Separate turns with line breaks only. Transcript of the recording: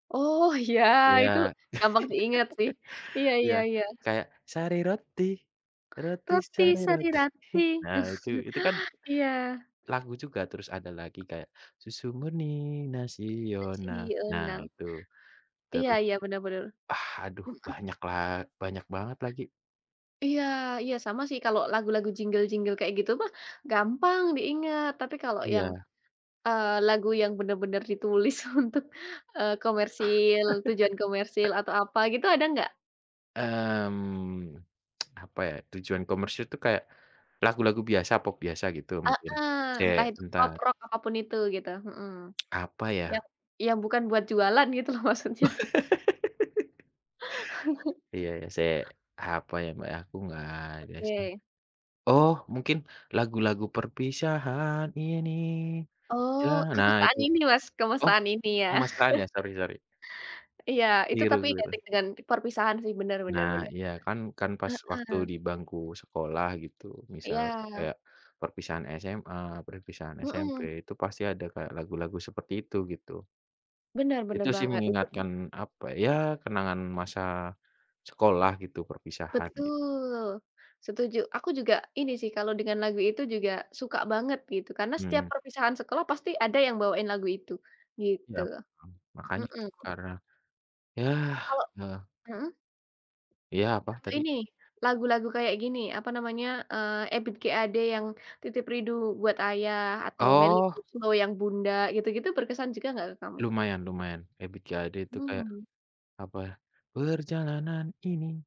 Oh ya
Iya,
itu gampang diingat sih, iya
iya
iya iya.
kayak sari roti, roti
Roti
sari
Sari
roti
Roti,
nah itu itu kan
iya.
lagu juga terus ada lagi kayak susu murni nasional nah
Nasional.
itu,
Iya
terus
iya bener bener,
ah, aduh
hmm, eh.
banyak la banyak banget lagi.
Iya, iya sama sih kalau lagu-lagu jinggel-jinggel kayak gitu mah, gampang diingat tapi kalau yang,
Iya.
eee, lagu yang bener-bener ditulis untuk, eee, komersil tujuan komersil atau apa gitu ada nggak?
Mmm, apa ya tujuan komersil itu kayak, lagu-lagu biasa pop biasa gitu mungkin,
Heeh,
sek
entah itu pop
bentar.
rock apa pun itu gitu, mhm,
Apa
yang
ya?
yang bukan buat jualan gitu loh maksudnya.
Iya iya sek apa ya Mbak aku nggak ada sih,
Oke.
oh mungkin lagu-lagu perpisahan ini
Oh
jangan nah
kemesraan
itu,
ini Mas,
oh,
kemesraan ini ya?
kemesraan ya sorry sorry.
Iya, itu tapi
Keliru-keliru.
identik dengan perpisahan sih benar benar
Nah
benar,
iya kan kan pas waktu
heeh.
di bangku sekolah gitu misal,
Iya.
eee, perpisahan SMA perpisahan SMP
Heeh.
itu pasti ada kayak lagu-lagu seperti itu gitu.
Benar,
Itu
benar
sih
banget itu tuh
mengingatkan apa ya kenangan masa, sekolah gitu perpisahan gitu.
Betul, setuju, aku juga ini sih kalau dengan lagu itu juga suka banget gitu karena setiap
Mhm.
perpisahan sekolah pasti ada yang bawain lagu itu
Iya,
gitu,
mhm, makanya
mhm.
itu karena ya
Kalau
heeh.
mhm?
Iya apa
Yang
tadi?
ini, lagu-lagu kayak gini apa namanya, eee, Ebiet G Ade yang Titip Rindu Buat Ayah atau Melly
Oh.
Goeslaw yang Bunda gitu-gitu berkesan juga nggak ke kamu?
Lumayan lumayan Ebiet G Ade itu kayak.
Mmm.
Apa, perjalanan ini.